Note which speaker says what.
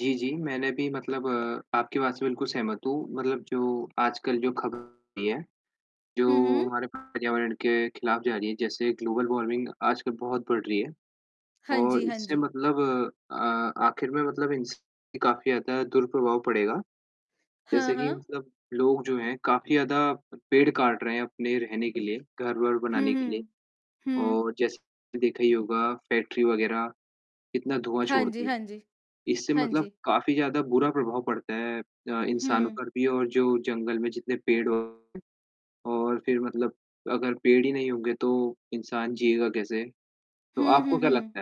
Speaker 1: जी, जी। मैंने भी मतलब आपकी बात से बिल्कुल सहमत हूँ, मतलब जो आजकल जो ख़बर होती है,
Speaker 2: हुँ,
Speaker 1: जो
Speaker 2: हुँ।
Speaker 1: हमारे पर्यावरण के खिलाफ़ जा रही है, जैसे ग्लोबल वार्मिंग आजकल बहुत बढ़ रही है
Speaker 2: हाँ
Speaker 1: और
Speaker 2: जी, हाँ
Speaker 1: इससे
Speaker 2: जी।
Speaker 1: मतलब अ, आख़िर में मतलब इनसे काफ़ी ज़्यादा दुर-प्रभाव पड़ेगा,
Speaker 2: हाँ,
Speaker 1: जैसे कि
Speaker 2: हाँ।
Speaker 1: मतलब लोग जो हैं, काफ़ी ज़्यादा पेड़ काट रहे हैं अपने रहने के लिए, घर-वर
Speaker 2: हुँ,
Speaker 1: बनाने के लिए
Speaker 2: हुँ। हुँ।
Speaker 1: और जैसे देखा ही होगा फैक्ट्री वग़ैरह कितना धुआँ
Speaker 2: हाँ जी,
Speaker 1: छोड़ती हैं,
Speaker 2: हाँ जी।
Speaker 1: इससे
Speaker 2: हाँ
Speaker 1: मतलब
Speaker 2: जी।
Speaker 1: काफ़ी ज़्यादा बुरा प्रभाव पड़ता है अ, इंसानों
Speaker 2: हुँ।
Speaker 1: पर भी और जो जंगल में जितने पेड़ और फिर मतलब अगर पेड़ हीं होंगे तो इंसान जिएगा कैसे, तो
Speaker 2: हुँ, हुँ,
Speaker 1: आपको क्या लगता है?
Speaker 2: हुँ।